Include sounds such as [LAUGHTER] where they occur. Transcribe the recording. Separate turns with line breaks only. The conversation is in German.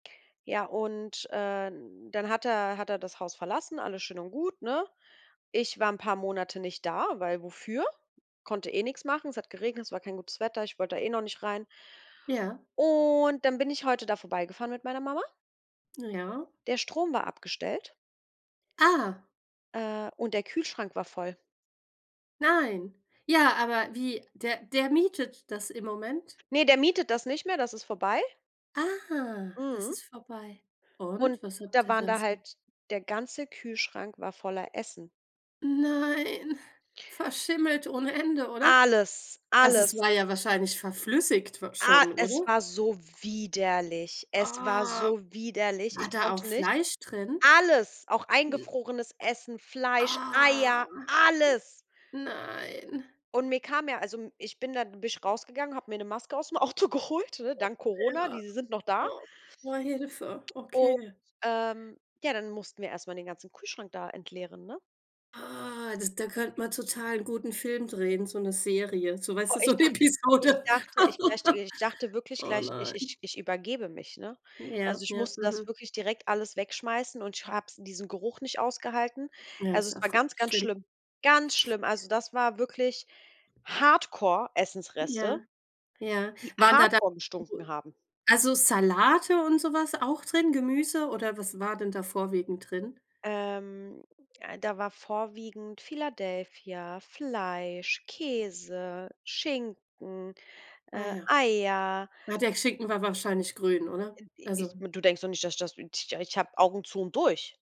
Ja, und, ähm, dann hat er hat er das Haus verlassen, alles schön und gut, ne? Ich war paar 'n Monate nicht da, weil wofür? Konnte eh nix machen. Es hat geregnet, es war kein gutes Wetter, ich wollte da eh noch nicht rein.
Ja.
Und dann bin ich heute da vorbeigefahren mit meiner Mama.
Ja.
Der Strom war abgestellt
Ah.
Äh, und der Kühlschrank war voll.
Nein. Ja, aber wie der der mietet das im Moment.
Ne, der mietet das nicht mehr, das ist vorbei.
Ah, das
Mhm.
ist vorbei.
Und
Und, was habt
da
ihr
waren da
dazu
halt der ganze Kühlschrank war voller Essen.
Nein, verschimmelt ohne Ende, oder?
Alles,
Also es
alles.
war ja wahrscheinlich verflüssigt wa
Ah,
schon,
es
oder?
war so widerlich. Es war
Oh.
so widerlich,
War
ich
da auch
konnte nicht.
Fleisch drin?
Alles, auch eingefrorenes Essen, Fleisch,
Ah.
Eier, alles.
N nein.
Und mir kam ja also m ich bin da bin ich rausgegangen, habe mir 'ne Maske ausm Auto geholt, ne,
Oh,
dank Corona,
ja,
diese sind noch da.
oh, wow, boah, hilfe,
Und,
okay.
ähm, ja, dann mussten wir erst mal den ganzen Kühlschrank da entleeren, ne?
Ah, das da könnte man total gut 'n Film drehen, so 'ne Serie, so weißt
Oh,
du, so
ich
'ne
dachte ich
Episode.
dachte möchte
[CHUCKLES]
ich dachte wirklich
Oh
gleich, ich
nein.
ich ich übergebe mich, ne? Also
Ja,
ich
ja,
musste das
mhm.
wirklich direkt alles wegschmeißen und ich habe es in diesem Geruch nicht ausgehalten.
Ja,
Also
ist
es war
einfach
ganz, ganz
schlimm.
schlimm, ganz schlimm. Also das war wirklich Hardcore Essensreste
Ja. Ja.
die
Waren da dann
Hardcore gestunken
[UNINTELLIGIBLE]
haben.
also Salate und so was auch drin, Gemüse oder was war denn da vorwiegend drin?
Ähm, da war vorwiegend Philadelphia, Fleisch, Käse, Schinken,
Ah
äh,
ja.
Eier.
Ah, der Schinken war wahrscheinlich grün, oder?
[UNINTELLIGIBLE]
Also.
Du denkst doch nicht, dass ich das [UNINTELLIGIBLE] ich ich habe Augen zu und durch.